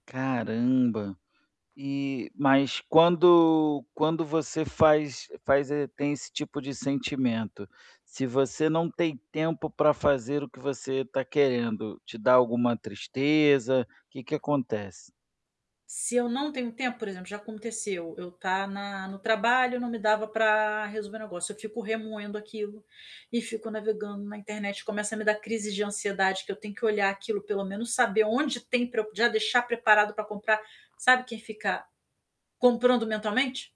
Caramba. E mas quando quando você faz faz eh, tem esse tipo de sentimento, se você não tem tempo pra fazer o que você está querendo, te dá alguma tristeza, que que acontece? Se eu não tenho tempo, por exemplo, já aconteceu, eu estar na no trabalho, não me dava para resolver o negócio, eu fico remoendo aquilo e fico navegando na internet, começa a me dar crises de ansiedade que eu tenho que olhar aquilo, pelo menos saber onde tem para eu já deixar preparado para comprar. Sabe quem fica comprando mentalmente?